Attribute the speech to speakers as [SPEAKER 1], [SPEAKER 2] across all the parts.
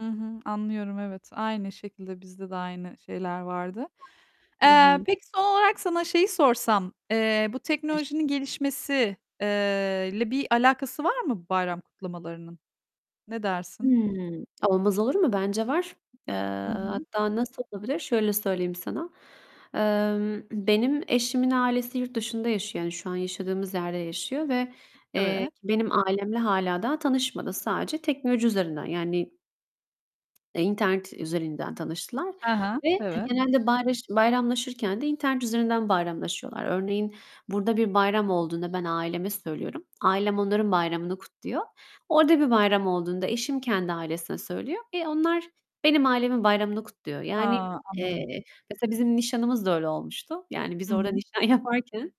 [SPEAKER 1] Hı hı, anlıyorum. Evet, aynı şekilde, bizde de aynı şeyler vardı.
[SPEAKER 2] Hı
[SPEAKER 1] Eee,
[SPEAKER 2] hı.
[SPEAKER 1] peki, son olarak sana şeyi sorsam: Eee, bu
[SPEAKER 2] [unintelligible]
[SPEAKER 1] teknolojinin gelişmesi, eee, ile bir alakası var mı bayram kutlamalarının? Ne dersin?
[SPEAKER 2] Hımm, olmaz olur mu? Bence var. Eee,
[SPEAKER 1] Hı hı.
[SPEAKER 2] hatta nasıl olabilir şöyle söyleyeyim sana: Emm, benim eşimin ailesi yurt dışında yaşıyor. Yani, şu an yaşadığımız yerde yaşıyor ve, eee,
[SPEAKER 1] Evet.
[SPEAKER 2] ki benim ailemle hâlâ daha tanışmadı. Sadece teknoloji üzerinden, yani, eee, internet üzerinden tanıştılar
[SPEAKER 1] Hı hı,
[SPEAKER 2] ve
[SPEAKER 1] evet.
[SPEAKER 2] genelde bayraş bayramlaşırken de internet üzerinden bayramlaşıyorlar. Örneğin, burada bir bayram olduğunda ben aileme söylüyorum, ailem onların bayramını kutluyor. Orada bir bayram olduğunda eşim kendi ailesine söylüyor ve onlar benim ailemin bayramını kutluyor. Yani,
[SPEAKER 1] Ha, anladım.
[SPEAKER 2] eee, mesela, bizim nişanımız da öyle olmuştu. Yani, biz
[SPEAKER 1] Hı
[SPEAKER 2] orada
[SPEAKER 1] hı.
[SPEAKER 2] nişan yaparken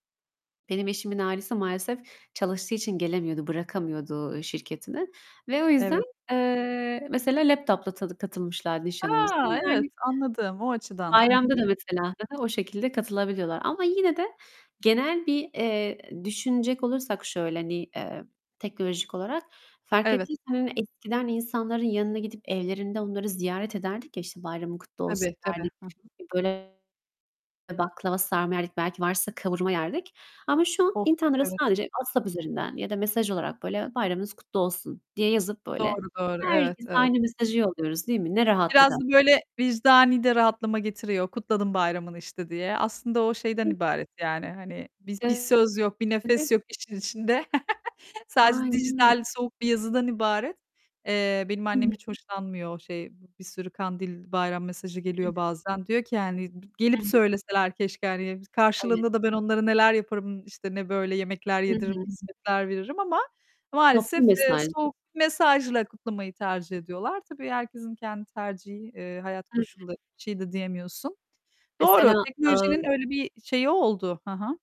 [SPEAKER 2] benim eşimin ailesi maalesef çalıştığı için gelemiyordu, bırakamıyordu, ııı, şirketini ve o yüzden,
[SPEAKER 1] Evet.
[SPEAKER 2] eee, mesela laptop'la tadı katılmışlardı nişanımıza.
[SPEAKER 1] A, evet!
[SPEAKER 2] Yani
[SPEAKER 1] Anladım. O açıdan. Hı
[SPEAKER 2] Bayramda
[SPEAKER 1] hı.
[SPEAKER 2] da mesela hı hı, o şekilde katılabiliyorlar. Ama yine de genel bir, eee, düşünecek olursak şöyle, hani, eee, teknolojik olarak fark
[SPEAKER 1] Evet.
[SPEAKER 2] ettiysen, hani, eskiden insanların yanına gidip evlerinde onları ziyaret ederdik ya, işte, "Bayramın kutlu olsun."
[SPEAKER 1] Tabii, tabii.
[SPEAKER 2] derdik.
[SPEAKER 1] Hı hı.
[SPEAKER 2] Böyle, baklava sarma yerdik, belki varsa kavurma yerdik. Ama şu an
[SPEAKER 1] Of,
[SPEAKER 2] internetten
[SPEAKER 1] evet.
[SPEAKER 2] sadece WhatsApp üzerinden ya da mesaj olarak böyle "Bayramınız kutlu olsun." diye yazıp, böyle,
[SPEAKER 1] Doğru, doğru. Evet,
[SPEAKER 2] herkese
[SPEAKER 1] evet.
[SPEAKER 2] aynı mesajı yolluyoruz, değil mi? Ne rahatlık
[SPEAKER 1] Biraz da
[SPEAKER 2] aslında.
[SPEAKER 1] böyle, vicdani de rahatlama getiriyor. Kutladım bayramını, işte, diye. Aslında o, şeyden
[SPEAKER 2] [unintelligible]
[SPEAKER 1] ibaret, yani. Hani, bi bir
[SPEAKER 2] [unintelligible]
[SPEAKER 1] söz yok, bir
[SPEAKER 2] Evet.
[SPEAKER 1] nefes yok işin içinde. Sadece
[SPEAKER 2] Aynen öyle.
[SPEAKER 1] dijital soğuk bir yazıdan ibaret. Eee, benim
[SPEAKER 2] Hı hı.
[SPEAKER 1] annem hiç hoşlanmıyor o, şey, bir sürü kandil, bayram mesajı
[SPEAKER 2] Hı hı.
[SPEAKER 1] geliyor bazen. Diyor ki, yani, b
[SPEAKER 2] Hı
[SPEAKER 1] "Gelip
[SPEAKER 2] hı.
[SPEAKER 1] söyleseler keşke." hani.
[SPEAKER 2] Evet.
[SPEAKER 1] Karşılığında da ben onlara neler yaparım, işte, ne böyle yemekler
[SPEAKER 2] Hı hı.
[SPEAKER 1] yediririm, hizmetler veririm ama
[SPEAKER 2] Toplu
[SPEAKER 1] maalesef, eee,
[SPEAKER 2] mesajdı.
[SPEAKER 1] soğuk bir mesajla kutlamayı tercih ediyorlar. Tabii herkesin kendi tercihi, eee, hayat
[SPEAKER 2] Hı hı.
[SPEAKER 1] koşulları. Bir şey de diyemiyorsun. Doğru,
[SPEAKER 2] Mesela,
[SPEAKER 1] teknolojinin
[SPEAKER 2] ııı
[SPEAKER 1] öyle bir şeyi oldu. Hı hı.